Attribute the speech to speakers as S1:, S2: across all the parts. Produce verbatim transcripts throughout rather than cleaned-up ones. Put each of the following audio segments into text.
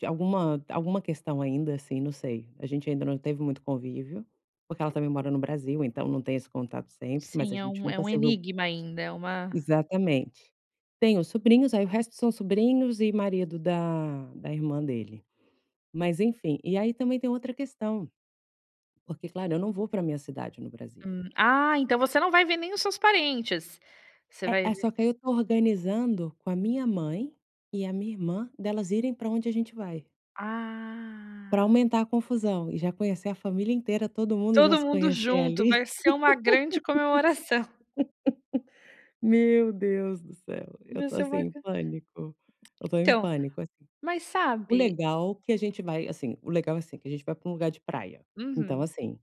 S1: De alguma alguma questão ainda, assim, não sei. A gente ainda não teve muito convívio, porque ela também mora no Brasil, então não tem esse contato sempre, mas a
S2: Sim, é
S1: gente
S2: um é
S1: nunca
S2: um
S1: se viu
S2: enigma ainda, é uma
S1: exatamente. Tenho sobrinhos. Aí o resto são sobrinhos e marido da da irmã dele. Mas, enfim, e aí também tem outra questão, porque, claro, eu não vou para minha cidade no Brasil.
S2: Hum, ah, então você não vai ver nem os seus parentes. Você
S1: É
S2: vai
S1: é,
S2: ver
S1: só que aí eu estou organizando com a minha mãe e a minha irmã, delas irem para onde a gente vai. Para
S2: Ah.
S1: aumentar a confusão e já conhecer a família inteira, todo mundo já
S2: Todo
S1: se
S2: mundo
S1: conhecer
S2: junto.
S1: ali.
S2: Vai ser uma grande comemoração.
S1: Meu Deus do céu, eu
S2: Vai
S1: estou
S2: ser
S1: assim
S2: uma
S1: em
S2: gran
S1: pânico. Eu estou em
S2: Então,
S1: pânico assim.
S2: mas
S1: O
S2: sabe
S1: legal que a gente vai assim o legal é assim, que a gente vai para um lugar de praia. Então,
S2: Uhum.
S1: assim,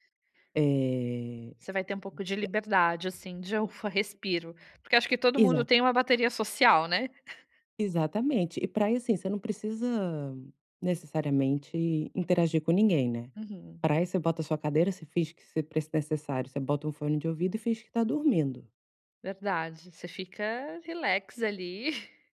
S1: eh
S2: Você vai ter um pouco de liberdade, assim, de: "Ufa, respiro", porque acho que todo mundo
S1: Exata
S2: tem uma bateria social, né.
S1: Exatamente. E pra ir, assim, você não precisa, necessariamente, interagir com ninguém, né.
S2: Uhum.
S1: Praia, você bota a sua cadeira, se finge que se pre necessário, você bota um fone de ouvido e finge que está dormindo.
S2: Verdade, você fica relax ali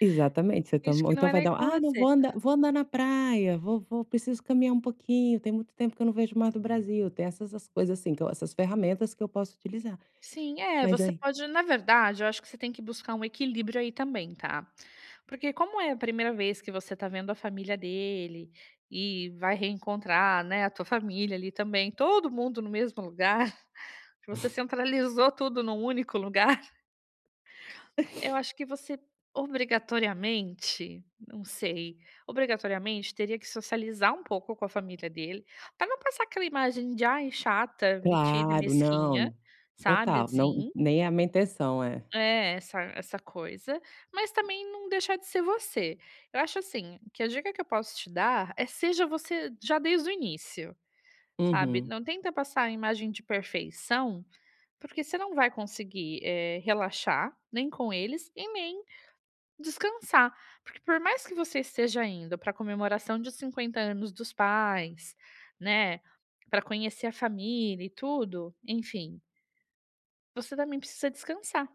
S1: Exatamente. Você to
S2: finge
S1: ou
S2: que não
S1: então
S2: é
S1: vai
S2: nem
S1: dar
S2: com
S1: "Ah, não, vou
S2: você.
S1: andar vou andar na praia. Vou vou preciso caminhar um pouquinho, tem muito tempo que eu não vejo o mar do Brasil". Tem essas as coisas assim então, essas ferramentas que eu posso utilizar.
S2: Sim é,
S1: Mas
S2: você
S1: aí
S2: pode na verdade, eu acho que você tem que buscar um equilíbrio aí também, tá. Porque como é a primeira vez que você tá vendo a família dele, e vai reencontrar, né, a tua família ali também, todo mundo no mesmo lugar, que você centralizou tudo num único lugar eu acho que você, obrigatoriamente, não sei, obrigatoriamente teria que socializar um pouco com a família dele, para não passar aquela imagem de: "Ai, chata, metida e
S1: Claro,
S2: mesquinha",
S1: não.
S2: sabe,
S1: Total. Não,
S2: assim.
S1: nem é a minha intenção. É.
S2: É, essa essa coisa, mas também não deixar de ser você. Eu acho assim, que a dica que eu posso te dar é: seja você já desde o início, sabe.
S1: Uhum.
S2: Não tenta passar a imagem de perfeição, porque você não vai conseguir, eh, relaxar, nem com eles e nem descansar. Porque, por mais que você esteja indo para comemoração de cinquenta anos dos pais, né, para conhecer a família e tudo, enfim você também precisa descansar.